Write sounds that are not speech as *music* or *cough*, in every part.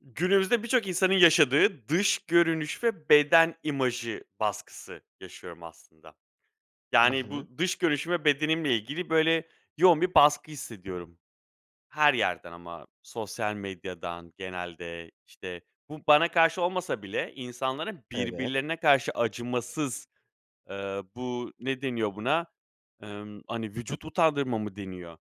Günümüzde birçok insanın yaşadığı dış görünüş ve beden imajı baskısı yaşıyorum, aslında. Hı Yani, hı. bu dış görünüşüm bedenimle ilgili, böyle, yoğun bir baskı hissediyorum. Her yerden ama sosyal medyadan genelde, işte, bu bana karşı olmasa bile insanların Evet. birbirlerine karşı acımasız, eee, bu ne deniyor buna? Emm, hani, vücut utandırma mı deniyor?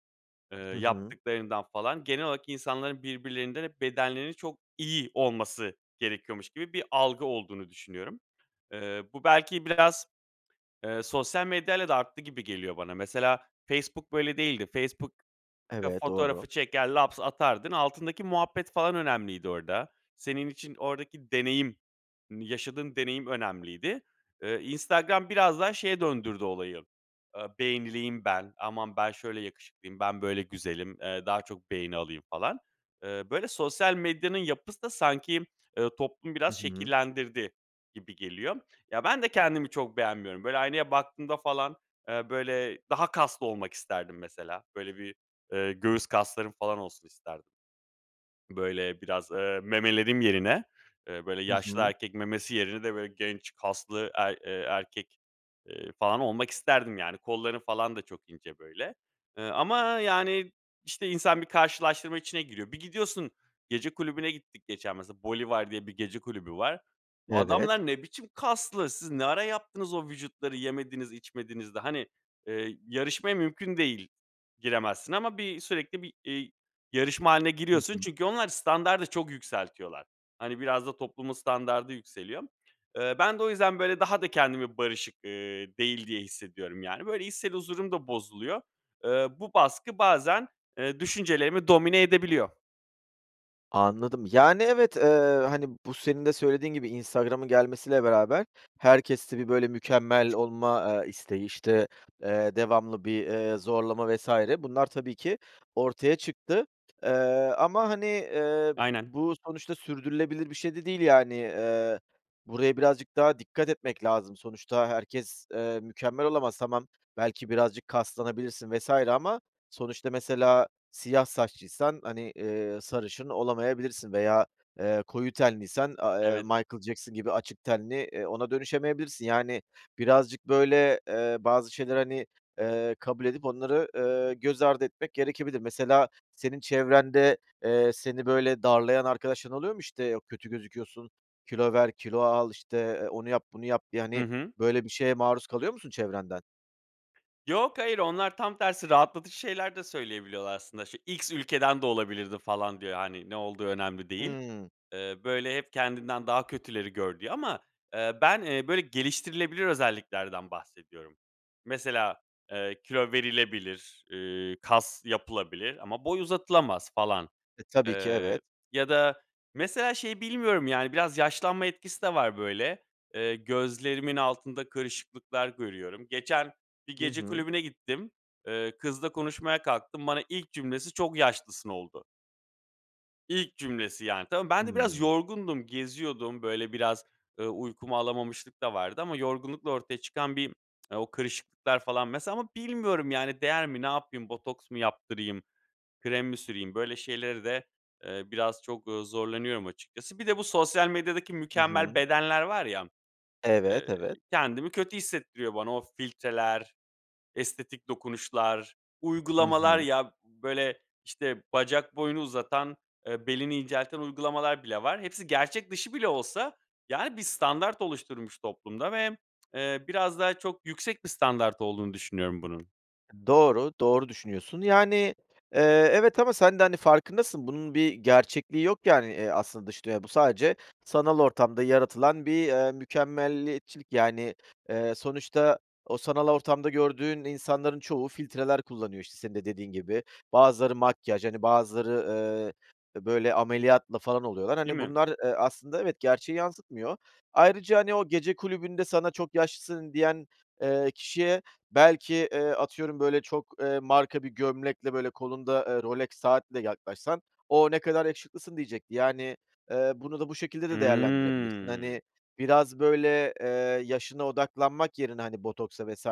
Eee, Hı hı. yaptıklarından, falan, genel olarak insanların birbirlerinden hep bedenlerinin çok iyi olması gerekiyormuş gibi bir algı olduğunu düşünüyorum. Eee, bu belki biraz, eee, sosyal medyayla da arttı gibi geliyor bana. Mesela Facebook böyle değildi. Facebook *unintelligible* Eve doğru. fotoğrafı çeker laps atardın. Altındaki muhabbet, falan, önemliydi orada. Senin için oradaki deneyim, hani yaşadığın deneyim önemliydi. Iıı, Instagram biraz daha şeye döndürdü olayı, ııı, "Beğenileyim ben. Aman ben şöyle yakışıklıyım, ben, böyle, güzelim, eee, daha çok beğeni alayım." falan. Eee, böyle, sosyal medyanın yapısı da sanki, ııı, toplumu Hı biraz hı. şekillendirdi gibi geliyor. Ya, ben de kendimi çok beğenmiyorum. Böyle, aynaya baktığımda, falan, eee, böyle, daha kaslı olmak isterdim, mesela. Böyle bir, eee, göğüs kaslarım falan olsun isterdim. Böyle, biraz, eee, memelerim yerine, eee, böyle, Hı yaşlı hı. erkek memesi yerine de, böyle, genç kaslı er eee, erkek, eee, falan, olmak isterdim. Yani, kollarım falan da çok ince, böyle, ııı, ama, yani, işte, insan bir karşılaştırma içine giriyor. Bir gidiyorsun, gece kulübüne gittik geçen mesela, Bolivar diye bir gece kulübü var. Evet. Adamlar ne biçim kaslı! Siz ne ara yaptınız o vücutları yemediniz, içmediniz de, hani, eee, yarışmaya mümkün değil giremezsin ama bir sürekli bir, iii, yarışma hâline Hı giriyorsun. hı. Çünkü onlar standardı çok yükseltiyorlar. Hani, biraz da toplumun standardı yükseliyor. Eee, ben de o yüzden, böyle, daha da kendimi barışık, ııı, değil diye hissediyorum. Yani, böyle, içsel huzurum da bozuluyor. Eee, bu baskı bazen, eee, düşüncelerimi domine edebiliyor. Anladım. Yani, evet, eee, hani, bu senin de söylediğin gibi Instagram’ın gelmesiyle beraber herkeste bir, böyle, mükemmel olma, eee, isteği, işte, eee, devamlı bir, eee, zorlama vs. bunlar tabii ki ortaya çıktı. Eee, ama, hani, eee, Aynen. bu sonuçta sürdürülebilir bir şey de değil yani. Eee, buraya birazcık daha dikkat etmek lazım. Sonuçta herkes, eee, mükemmel olamaz. Tamam, belki birazcık kaslanabilirsin vs. ama sonuçta mesela siyah saçlıysan, hani, eee, sarışın olamayabilirsin veya, eee, koyu tenliysen, a eee, Evet. Michael Jackson gibi açık tenli, eee, ona dönüşemeyebilirsin, yani, birazcık, böyle, eee, bazı şeyleri, hani, eee, kabul edip onları, eee, göz ardı etmek gerekebilir. Mesela senin çevrende, eee, seni, böyle, darlayan arkadaşların oluyor mu? İşte, yok, "Kötü gözüküyorsun. Kilo ver, kilo al." İşte, eee; "Onu yap, bunu yap." diye. Hı Yani, hı. böyle bir şeye maruz kalıyor musun çevrenden? Yok, hayır. Onlar tam tersi rahatlatıcı şeyler de söyleyebiliyorlar aslında: "Şu X ülkeden de olabilirdin." falan, diyor. Hani, ne olduğu önemli değil. Hımm. Eee, böyle: "Hep kendinden daha kötüleri gör." diyor ama, eee, ben, eee, böyle, geliştirilebilir özelliklerden bahsediyorum. Mesela, eee, kilo verilebilir, ııı, kas yapılabilir ama boy uzatılamaz falan, E, tabii ki. eee, Evet. ya da mesela şeyi bilmiyorum, yani, biraz yaşlanma etkisi de var, böyle. Eee, gözlerimin altında kırışıklıklar görüyorum. Geçen bir Hı gece hı. kulübüne gittim. Eee, kızla konuşmaya kalktım. Bana ilk cümlesi: "Çok yaşlısın." oldu. İlk cümlesi, yani, tama ben de biraz Hımm. yorgundum, geziyordum. Böyle, biraz, ııı, uykumu alamamışlık da vardı ama yorgunlukla ortaya çıkan bir *tsk* o kırışıklıklar falan, mesela, ama bilmiyorum, yani, değer mi? Ne yapayım, botoks mı yaptırayım, krem mi süreyim? Böyle şeyleri de, eee, biraz çok, ooo, zorlanıyorum açıkçası. Bir de bu sosyal medyadaki Hı mükemmel hı. bedenler var ya, Evet. eee, Evet. kendimi kötü hissettiriyor bana. O f filtreler, estetik dokunuşlar, Hı uygulamalar, hı. ya, b böyle, işte, bacak boyunu uzatan, eee, belini incelten uygulamalar bile var. Hepsi gerçek dışı bile olsa, yani, bir standart oluşturmuş toplumda ve, eee, biraz daha çok yüksek bir standart olduğunu düşünüyorum bunun. Doğru, doğru düşünüyorsun, yani, eee, evet ama sen de hani farkındasın, bunun bir gerçekliği yok yani, eee, aslında dış dünyada. Bu sadece, sanal ortamda yaratılan bir, eee, mükemmeliyetçilik yani, eee, sonuçta, o sanal ortamda gördüğün insanların çoğu filtreler kullanıyor, işte senin de dediğin gibi. Bazıları makyaj, hani, bazıları, eee, bö böyle ameliyatlı falan oluyorlar. Değil Hani, mi? bunlar, eee, aslında evet, gerçeği yansıtmıyor. Ayrıca, hani, o gece kulübünde sana “çok yaşlısın“ diyen, eee, kişiye belki, eee, atıyorum böyle çok, eee, marka bir gömlekle, böyle, kolunda, eee, Rolex saatle yaklaşsan, “O, ne kadar yakışıklısın.“ diyecekti. Yani, eee, bunu da bu şekilde de değerlendirebilirsin. Hımm. Hani, biraz böyle, eee, yaşına odaklanmak yerine, hani, botoksa vs.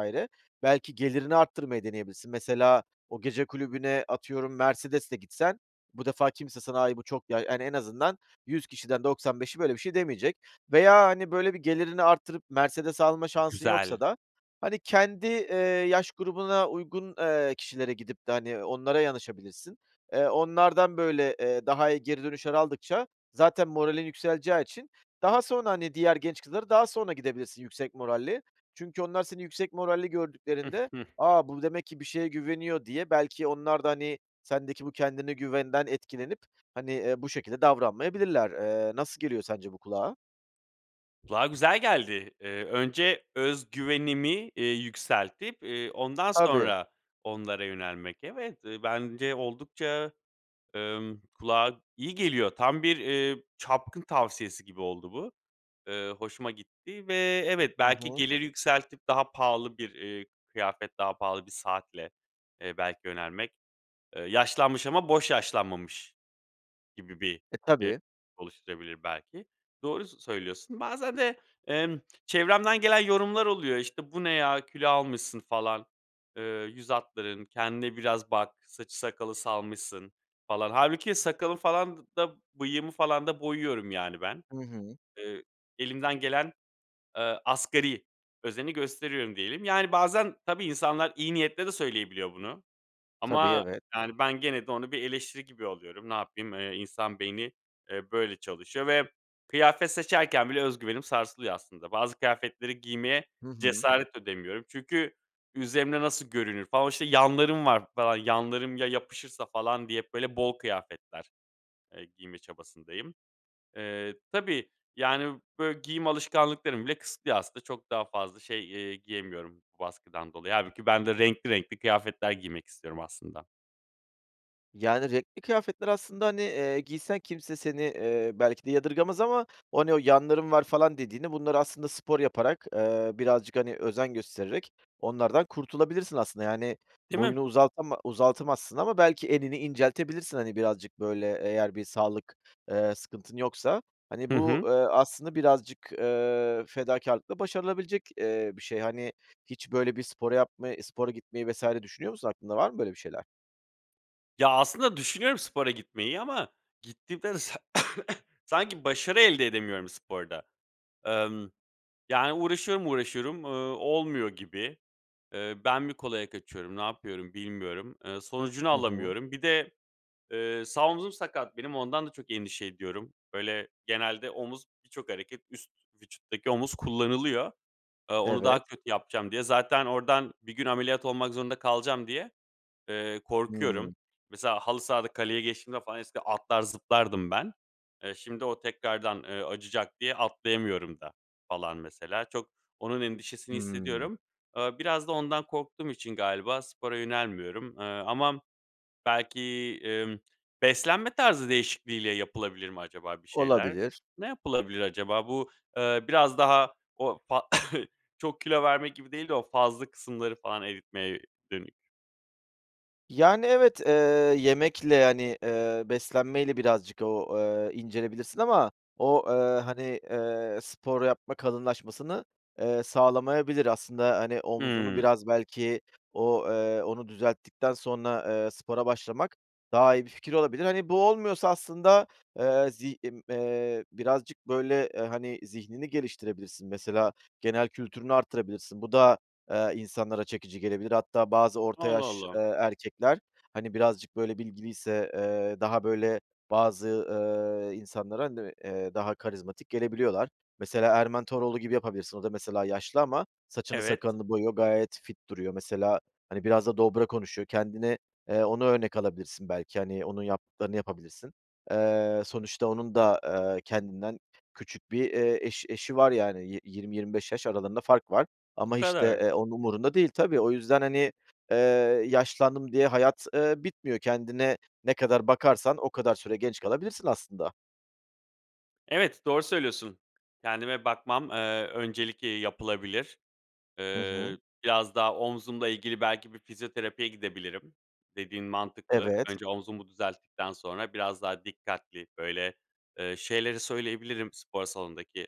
belki gelirini arttırmayı deneyebilirsin. Mesela o gece kulübüne, atıyorum, Mercedes'le gitsen bu defa kimse sana “ay bu çok ya “yani en azından 100 kişiden 95'i böyle bir şey demeyecek. Veya, hani, böyle, bir gelirini arttırıp Mercedes alma şansın Güzel. yoksa da hani kendi, eee, yaş grubuna uygun, eee, kişilere gidip de, hani, onlara yanaşabilirsin. Eee, onlardan böyle, eee, daha iyi geri dönüşler aldıkça, zaten moralin yükseleceği için, daha sonra, hani, diğer genç kızlara daha sonra gidebilirsin yüksek moralle. Çünkü onlar seni yüksek moralli gördüklerinde, *giggles* “A, bu demek ki bir şeye güveniyor.“ diye, belki onlar da hani sendeki bu kendine güvenden etkilenip, hani, eee, bu şekilde davranmayabilirler. Eee, nasıl geliyor sence bu kulağa? Kulağa güzel geldi. Eee, önce öz güvenimi, eee, yükseltip, eee, ondan Tabii. sonra onlara yönelmek. Evet, eee, bence oldukça, ımm, kulağa iyi geliyor. Tam bir, eee, çapkın tavsiyesi gibi oldu bu. Eee, hoşuma gitti ve evet, Hı belki hı. gelir yükseltip daha pahalı bir, eee, kıyafet, daha pahalı bir saatle, eee, belki yönelmek. Eee, yaşlanmış ama boş yaşlanmamış gibi bir E, *unintelligible* tabii. oluşturabilir belki, doğru s söylüyorsun. Bazen de, emm, çevremden gelen yorumlar oluyor, işte, "Bu ne ya, kilo almışsın falan, eee, yüz hatların, kendine biraz bak. Saçı sakalı salmışsın falan." Hâlbuki sakalı falan d da bıyığımı falan da boyuyorum, yani, ben, Hı hı. eee, elimden gelen, eee, asgari özeni gösteriyorum diyelim. Yani, bazen, tabii insanlar iyi niyetle de söyleyebiliyor bunu. Tabii, Ama, evet. yani, ben gene de onu bir eleştiri gibi alıyorum. Ne yapayım? Eee, insan beyni, eee, böyle çalışıyor ve kıyafet seçerken bile öz güvenim sarsılıyor aslında. Bazı kıyafetleri giymeye Hı hı. cesaret edemiyorum çünkü üzerimde nasıl görünür falan, o, işte, yanlarım var falan. Yanlarım ya yapışırsa falan diye hep böyle bol kıyafetler, eee, giyme çabasındayım. Eee, tabii, yani, böyle giyim alışkanlıklarımı bile kısıtlıyor aslında. Çok daha fazla şey, eee, giyemiyorum bu baskıdan dolayı. Hâlbuki ben de renkli renkli kıyafetler giymek istiyorum aslında. Yani, renkli kıyafetler, aslında, hani, eee, giysen kimse seni, eee, belki de yadırgamız ama “o ne o, yanların var“ falan dediğini, bunlar aslında spor yaparak, eee, birazcık, hani, özen göstererek onlardan kurtulabilirsin aslında. Yani, Değil mi? boyunu uzatama- uzatamazsın ama belki enini inceltebilirsin, hani, birazcık böyle. Eğer bir sağlık, eee, sıkıntın yoksa. Hani, Hı bu, hı. eee, aslında birazcık, eee, fedakârlıkla başarılabilecek, eee, bir şey. Hani, hiç böyle bir spor yapmayı, spora gitmeyi vs. düşünüyor musun? Aklında var mı böyle bir şeyler? Ya, aslında düşünüyorum spora gitmeyi ama, gittiğimde de, sa *coughs* sanki başarı elde edemiyorum sporda. Emm, yani, uğraşıyorum, uğraşıyorum, ııı, olmuyor gibi, eee, ben mi kolaya kaçıyorum, ne yapıyorum bilmiyorum. Iıı, sonucunu Hı hı. alamıyorum. Bir de, eee, sağ omuzum sakat benim, ondan da çok endişe ediyorum. Böyle, genelde omuz, birçok hareket üst vücuttaki omuz kullanılıyor. Eee, onu Evet. daha kötü yapacağım diye, zaten oradan bir gün ameliyat olmak zorunda kalacağım diye, eee, korkuyorum. Hımm. Mesela, halı sahada kaleyi geçtiğimde falan, eskiden atlar zıplardım ben. Eee, şimdi o tekrardan, eee, acıyacak diye atlayamıyorum da, falan, mesela. Çok onun endişesini Hımm. hissediyorum. Eee, biraz da ondan korktuğum için galiba spora yönelmiyorum. Eee, ama belki, emm, beslenme tarzı değişikliğiyle yapılabilir mi acaba bir şeyler? Olabilir. Ne yapılabilir acaba? Bu, eee, biraz daha o fa *coughs* çok kilo vermek gibi değil de, o fazla kısımları falan eritmeye dönük. Yani evet, eee, yemekle, yani, eee, beslenmeyle birazcık o, eee, incelebilirsin ama o, eee, hani, eee, spor yapma kalınlaşmasını, eee, sağlamayabilir aslında. Hani omzunu Hıı. biraz belki, o, eee, onu düzelttikten sonra, eee, spora başlamak, daha iyi bir fikir olabilir. Hani, bu olmuyorsa aslında, eee, zi ımm, eee, birazcık böyle, e, hani, zihnini geliştirebilirsin, mesela genel kültürünü arttırabilirsin. Bu da, eee, insanlara çekici gelebilir. Hatta bazı orta Allah yaş, eee, Allah. erkekler, hani, birazcık böyle bilgiliyse, eee, daha böyle, bazı, ııı, insanlara, *unintelligible* ııı, daha karizmatik gelebiliyorlar. Mesela Erman Toroğlu gibi yapabilirsin, o da mesela yaşlı ama saçını Evet. sakalını boyuyor, gayet fit duruyor. Mesela, hani, biraz da dobra konuşuyor, kendine, eee, onu örnek alabilirsin belki, hani, onun yaptıklarını yapabilirsin. Eee, sonuçta onun da, eee, kendinden küçük bir, eee, eş eşi var yani. Yi yirmi, 25 yaş aralarında fark var O ama, işte, kadar. eee, onun umurunda değil. Tabii, o yüzden, hani, eee, yaşlandım diye hayat eee, bitmiyor. Kendine ne kadar bakarsan, o kadar süre genç kalabilirsin aslında. Evet, doğru söylüyorsun. Kendime bakmam, eee, öncelik, eee, yapılabilir. Hı hı. Eee, biraz daha omzumla ilgili belki bir fizyoterapiye gidebilirim. Dediğin mantıklı. Evet. Önce omzumu düzelttikten sonra biraz daha dikkatli, böyle, eee, şeyleri söyleyebilirim spor salondaki.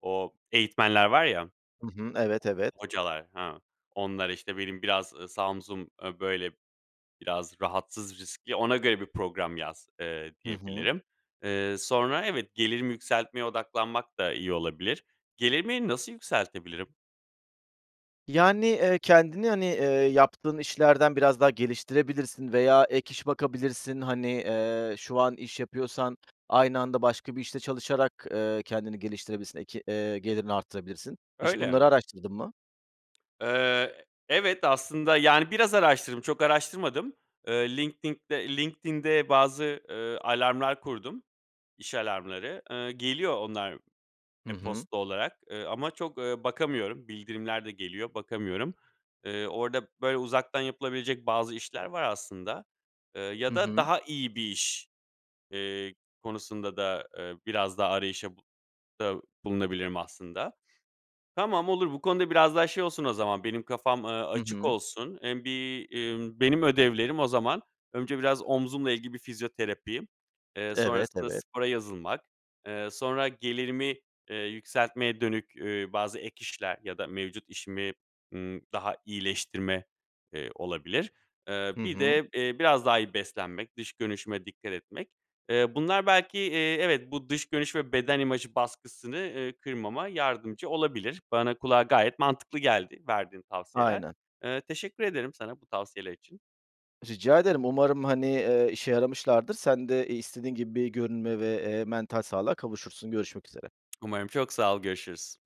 O eğitmenler var ya Hı hı. Evet. Evet. hocalar, hı, onlara, işte: "Benim biraz, ııı, sağ omzum, ııı, böyle, biraz rahatsız, riskli ona göre bir program yaz." eee, Hı hı. diyebilirim. Eee, sonra, evet, gelirimi yükseltmeye odaklanmak da iyi olabilir. Gelirimi nasıl yükseltebilirim? Yani, eee, kendini, hani, eee, yaptığın işlerden biraz daha geliştirebilirsin veya ek iş bakabilirsin. Hani, eee, şu an iş yapıyorsan aynı anda başka bir işte çalışarak, eee, kendini geliştirebilirsin, ek eee, gelirini arttırabilirsin. Hiç Öyle. bunları araştırdın mı? Eee, evet, aslında, yani, biraz araştırdım, çok araştırmadım. Eee, linktinkte LinkedIn'de, LinkedIn'de bazı, eee, alarmlar kurdum, iş alarmları. Eee, geliyor onlar, Hı hı. e-posta olarak, eee, ama çok, eee, bakamıyorum. Bildirimler de geliyor. Bakamıyorum. Eee, orada, böyle, uzaktan yapılabilecek bazı işler var aslında, eee, ya Hı da hı. daha iyi bir iş, eee, konusunda da, eee, biraz daha arayışa *unintelligible* bulunabilirim aslında. Tamam, olur. Bu konuda biraz daha şey olsun o zaman, benim kafam, eee, Hı açık hı. olsun. Hem bir, emm, benim ödevlerim o zaman; önce biraz omzumla ilgili bir fizyoterapi, eee, Evet. sonrasında Evet. spora yazılmak, eee, sonra gelirimi, eee, yükseltmeye dönük, eee, bazı ek işler ya da mevcut işimi, ımm, daha iyileştirme, eee, olabilir. Eee, Hı bir hı. de, eee, biraz daha iyi beslenmek, dış görünüşüme dikkat etmek. Eee, bunlar belki, eee, evet, bu dış görünüş ve beden imajı baskısını, eee, kırmama yardımcı olabilir. Bana, kulağa gayet mantıklı geldi verdiğin tavsiyeler. Aynen. Eee, teşekkür ederim sana bu tavsiyeler için. Rica ederim. Umarım, hani, eee, işe yaramışlardır. Sen de, iii, istediğin gibi bir görünüme ve, eee, mental sağlığa kavuşursun. Görüşmek üzere. Umarım. Çok sağ ol. Görüşürüz.